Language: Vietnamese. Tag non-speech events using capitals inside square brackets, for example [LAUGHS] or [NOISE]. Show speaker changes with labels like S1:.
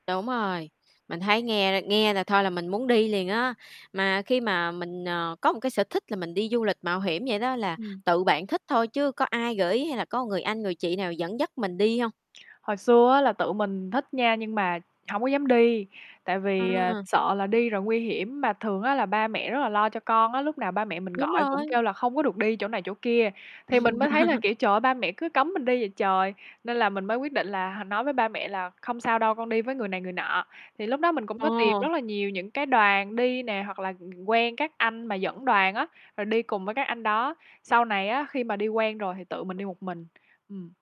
S1: Đúng rồi, mình thấy nghe l nghe là thôi là mình muốn đi liền á. Mà khi mà mình, ờ, có một cái sở thích là mình đi du lịch mạo hiểm vậy đó là
S2: Ừm.
S1: tự bạn thích thôi, chứ có ai gợi ý hay là có người anh, người chị nào dẫn dắt mình đi hông?
S2: Hồi xưa á là tự mình thích nha nhưng mà hông có dám đi, tại vì, à,
S1: À.
S2: sợ là đi rồi nguy hiểm, mà thường á là ba mẹ rất là lo cho con á, lúc nào ba mẹ mình
S1: Đúng
S2: gọi cũng
S1: rồi.
S2: kêu là "Không có được đi chỗ này, chỗ kia." Thì mình
S1: Ừm.
S2: mới thấy là,
S1: [LAUGHS]
S2: kiểu, trời ơi, ba mẹ cứ cấm mình đi vậy trời, nên là mình mới quyết định là h nói với ba mẹ là "Không sao đâu, con đi với người này người nọ." Thì lúc đó mình cũng có tìm rất
S1: Ồ!
S2: là nhiều những cái đoàn đi nè hoặc là, ừm, quen các anh mà dẫn đoàn á, rồi đi cùng với các anh đó, sau này á, khi mà đi quen rồi thì tự mình đi một mình. Ừm.